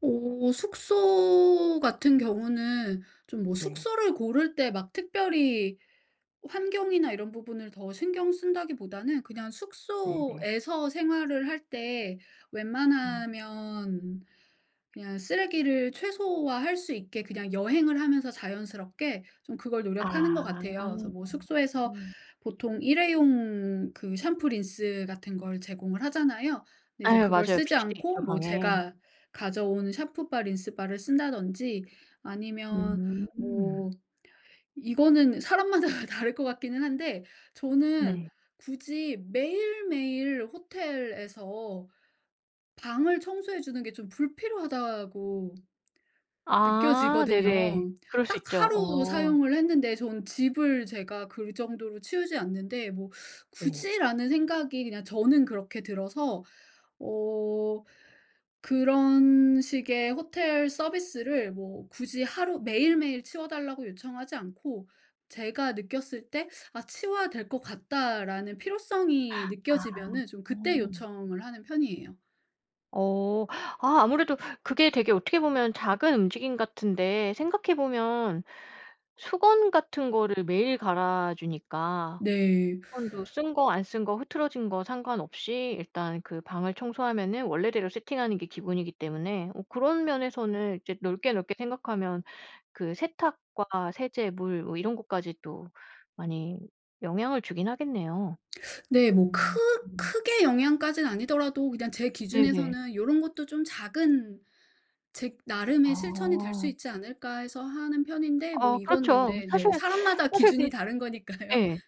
어 숙소같은 경우는 좀 뭐 네. 숙소를 고를 때 막 특별히 환경이나 이런 부분을 더 신경 쓴다기보다는 그냥 네네. 숙소에서 생활을 할 때 어. 웬만하면 그냥 쓰레기를 최소화할 수 있게 그냥 여행을 하면서 자연스럽게 좀 그걸 노력하는 것 아. 같아요. 그래서 뭐 숙소에서 음. 보통 일회용 그 샴푸, 린스같은 걸 제공을 하잖아요. 근데 아 이제 예 그걸 맞아요. 쓰지 비치돼 않고 있죠 뭐 방에. 제가 가져온 샴푸바, 린스바를 쓴다든지. 아니면 음. 뭐 이거는 사람마다 다를 것 같기는 한데 저는 네. 굳이 매일매일 호텔에서 방을 청소해 주는 게 좀 불필요하다고 아 네네. 느껴지거든요. 그럴 수 딱 있죠. 하루 어. 사용을 했는데 저는 집을 제가 그 정도로 치우지 않는데 '뭐 네. 굳이.' 라는 생각이 그냥 저는 그렇게 들어서 어 그런 식의 호텔 서비스를 뭐 굳이 하루 매일매일 치워 달라고 요청하지 않고 제가 느꼈을 때 '아 치워야 될 것 같다.'라는 필요성이 아. 느껴지면은 좀 그때 요청을 하는 편이에요. 어 아 아무래도 그게 되게 어떻게 보면 작은 움직임 같은데 생각해보면 수건같은 거를 매일 갈아 주니까. 네. 수건도 쓴 거, 안 쓴 거, 흐트러진 거 상관없이 일단 그 방을 청소하면은 원래대로 세팅하는 게 기본이기 때문에 어 그런 면에서는 이제 넓게 넓게 생각하면 그 세탁과 세제, 물 뭐 이런 것까지 또 많이 영향을 주긴 하겠네요. 네, 뭐 크 음. 크게 영향까지는 아니더라도 그냥 제 네네. 기준에서는 요런 것도 좀 작은 '제 나름의 실천이 될 수 아. 있지 않을까.' 해서 하는 편인데 뭐 어 이건 그렇죠. 근데 사실 네, 사람마다 사실 기준이 그 다른 거니까요. 예.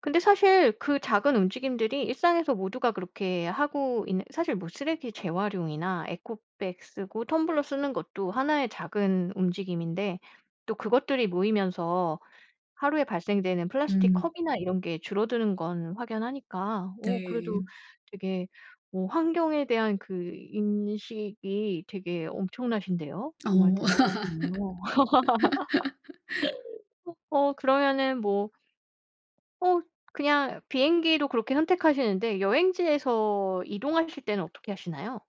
근데 사실 그 작은 움직임들이 일상에서 모두가 그렇게 하고 있는 사실 뭐 쓰레기 재활용이나 에코백 쓰고 텀블러 쓰는 것도 1 의 작은 움직임인데 또 그것들이 모이면서 하루에 발생되는 플라스틱 음. 컵이나 이런 게 줄어드는 건 확연하니까 어 그래도 네. 되게 뭐 환경에 대한 그 인식이 되게 엄청나신데요. 정말 어. 대단하시네요. 어 그러면은 뭐 어 그냥 비행기로 그렇게 선택하시는데 여행지에서 이동하실 때는 어떻게 하시나요?